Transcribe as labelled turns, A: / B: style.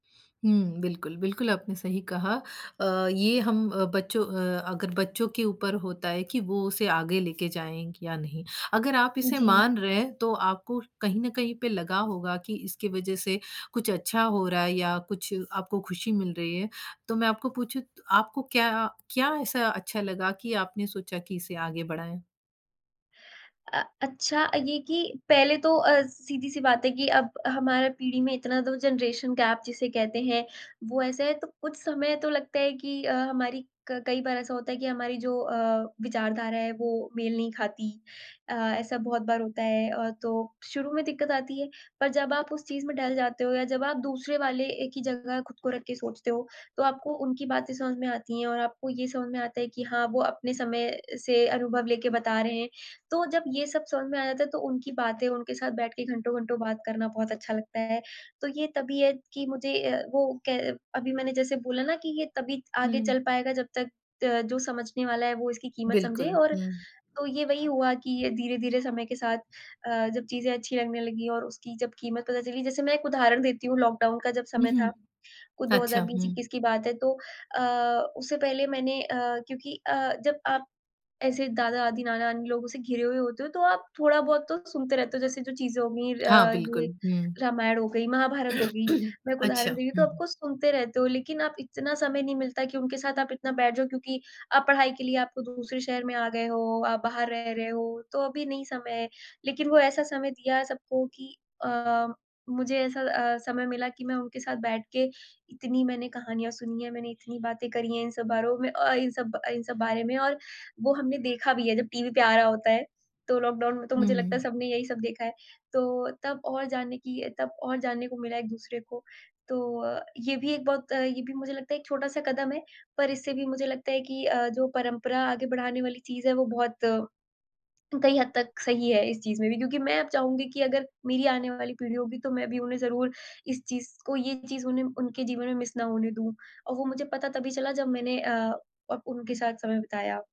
A: हुँ, बिल्कुल, बिल्कुल आपने सही कहा अ, ये हम अ, बच्चों अ अगर बच्चों के ऊपर होता है कि वो उसे आगे लेके जाएँगे या नहीं। अगर आप इसे
B: जी।
A: मान रहे हैं तो आपको कहीं न कहीं पे लगा होगा कि इसकी वज़ह से कुछ अच्छा हो रहा है या कुछ आपको ख़ुशी मिल रही है तो मैं आपको पूछूँ आपको क्या क्या ऐसा अच्छा लगा कि आपने सोचा कि इसे आगे बढ़ाएँ?
B: अ अच्छा ये कि पहले तो अ, सीधी-सी बात है कि अब हमारा पीढ़ी में इतना तो जनरेशन गैप जिसे कहते हैं, वो ऐसा है। तो कुछ समय तो लगता है कि अ, हमारी क कई बार ऐसा होता है कि हमारी जो अ, विचारधारा है वो मेल नहीं खाती। अ, ऐसा बहुत बार होता है। अ, तो शुरू में दिक़्क़त आती है। पर जब आप उस चीज़ में ढल जाते हो या जब आप दूसरे वाले एक ही जगह ख़ुद को रख के सोचते हो, तो आपको उनकी बातें समझ में आती हैं और आपको ये समझ में आता है कि हाँ वो अपने समय से अनुभव लेके बता रहे हैं। तो जब ये सब समझ में आ जाता है तो उनकी बातें उनके साथ बैठ के घंटो-घंटो बात करना बहुत अच्छा लगता है। तो ये तबीयत कि मुझे अ, वो कै अभी मैंने जैसे बोला ना कि ये तभी आगे चल
A: हुँ।
B: पाएगा जब तक अ, जो समझने वाला है वो इसकी कीमत समझे
A: बिल्कुल।
B: और
A: हुँ।
B: तो ये वही हुआ कि ये धीरे-धीरे समय के साथ अ, जब चीज़ें अच्छी लगने लगी और उसकी जब कीमत पता चली। जैसे मैं एक उदाहरण देती हूँ, लॉक डाउन का जब
A: हुँ,
B: समय था।
A: हुँ।
B: कुछ दो हज़ार
A: अच्छा,
B: बीस
A: हुँ।
B: इक्कीस की बात है तो अ, उससे पहले मैंने अ, क्योंकि अ, जब आप ऐसे दादा-दादी, नाना-नानी लोगों से घिरे हुए होते हो, तो आप थोड़ा-बहुत तो सुनते रहते हो। जैसे जो चीज़ें हो गयी
A: हाँ
B: अ,
A: बिल्कुल।
B: ये
A: हुँ।
B: रामायण हो गई, महाभारत हो गई। मैं एक उदाहरण
A: अच्छा,
B: दे रही तो आप
A: हुँ।
B: को सुनते रहते हो। लेकिन आप इतना समय नहीं मिलता कि उनके साथ आप इतना बैठ जाओ क्योंकि आप पढ़ाई के लिए आप तो दूसरे शहर में आ गए हो, आप बाहर रह रहे हो, तो अभी नहीं समय है। लेकिन वो ऐसा समय दिया है सबको कि अ, मुझे ऐसा अ, समय मिला कि मैं उनके साथ बैठ के इतनी मैंने कहानियाँ सुनी हैं, मैंने इतनी बातें करी हैं इन सब बारों में अ, इन सब इन सब बारे में और वो हमने देखा भी है जब टीवी पे आ रहा होता है। तो लॉकडाउन में तो
A: हुँ,
B: मुझे लगता है
A: हुँ।
B: सबने यही सब देखा है। तो तब और जानने की तब और जानने को मिला एक दूसरे को। तो अ, ये भी एक बहुत ये भी मुझे लगता है एक छोटा-सा कदम है। पर इससे भी मुझे लगता है कि अ, जो परंपरा आगे बढ़ाने वाली चीज़ है वो बहुत कई हद तक सही है इस चीज़ में भी क्योंकि मैं अब चाहूँगी कि अगर मेरी आने वाली पीढ़ी होगी तो मैं भी उन्हें ज़रूर इस चीज़ को ये चीज़ उन्हें उनके जीवन में मिस ना होने दूँ। और वो मुझे पता तभी चला जब मैंने अ अब उनके साथ समय बिताया।